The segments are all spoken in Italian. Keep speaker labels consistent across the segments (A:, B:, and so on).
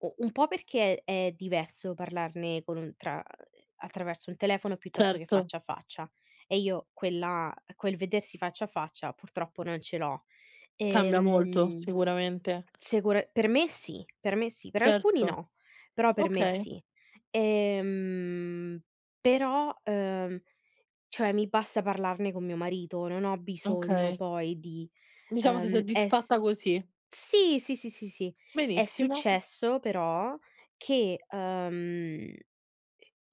A: U un po' perché è diverso parlarne con tra, mhmm, attraverso il telefono piuttosto che
B: Certo.
A: faccia a faccia, e io quella quel vedersi faccia a faccia purtroppo non ce l'ho.
B: Cambia molto,
A: Ehm,
B: sicuramente.
A: secu per me sì, per me sì, per alcuni
B: Certo.
A: no, però per me
B: Okay.
A: sì, ehm, però, uhm, cioè mi basta parlarne con mio marito, non ho bisogno
B: Okay.
A: poi di,
B: Diciamo sei
A: ehm, es
B: soddisfatta così.
A: sì, sì, sì, sì, sì. È
B: Benissimo.
A: successo però che ehm, i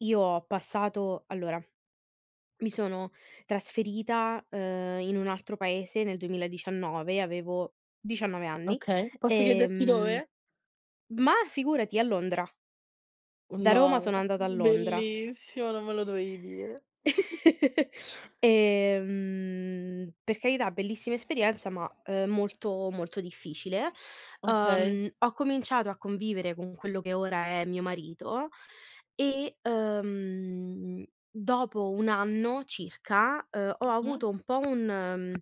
A: io ho passato, allora mi sono trasferita, ehm, in un altro paese nel 2019, avevo 19 anni,
B: Okay, posso chiederti
A: ehm
B: dove?
A: ma, figurati! A Londra. Da Roma
B: No,
A: sono andata a Londra.
B: bellissimo, non me lo dovevi dire!
A: Ehm, per carità bellissima esperienza, ma molto, molto difficile,
B: Okay.
A: ehm, ho cominciato a convivere con quello che ora è mio marito e, ehm, dopo un anno circa, ehm, ho
B: Mh mh.
A: avuto un po' un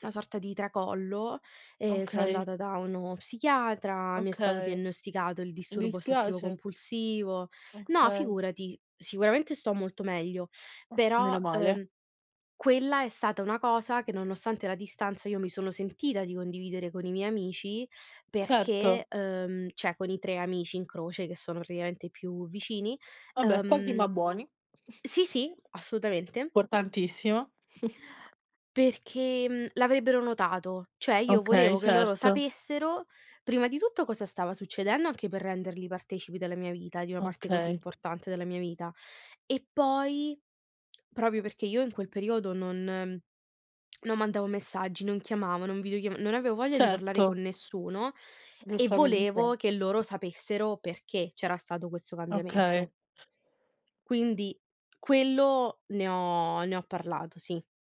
A: una sorta di tracollo e sono
B: Okay.
A: andata da uno psichiatra, mi è stato
B: Okay.
A: diagnosticato il
B: Mi
A: disturbo ossessivo
B: dispiace.
A: compulsivo no
B: Okay.
A: figurati, sicuramente sto molto meglio,
B: Ah,
A: però,
B: meno male.
A: ehm, quella è stata una cosa che nonostante la distanza io mi sono sentita di condividere con i miei amici
B: Certo.
A: perché, ehm, ceh con i 3 amici in croce che sono praticamente i più vicini,
B: Vabbè, pochi
A: ehm
B: ma buoni.
A: sì, sì, assolutamente.
B: Portantissimo.
A: Perché, mhmm, l'avrebbero notato, cioè io
B: Okay,
A: volevo che loro
B: certo.
A: sapessero prima di tutto cosa stava succedendo, anche per renderli partecipi della mia vita, di una parte così
B: Okay.
A: importante della mia vita. E poi, proprio perché io in quel periodo non non mandavo messaggi, non chiamavo, non videochiam non avevo voglia di parlare con
B: Certo.
A: nessuno, e
B: Giustamente.
A: volevo che loro sapessero perché c'era stato questo cambiamento.
B: Okay.
A: Quindi, quello ne ho ne ho parlato, sì.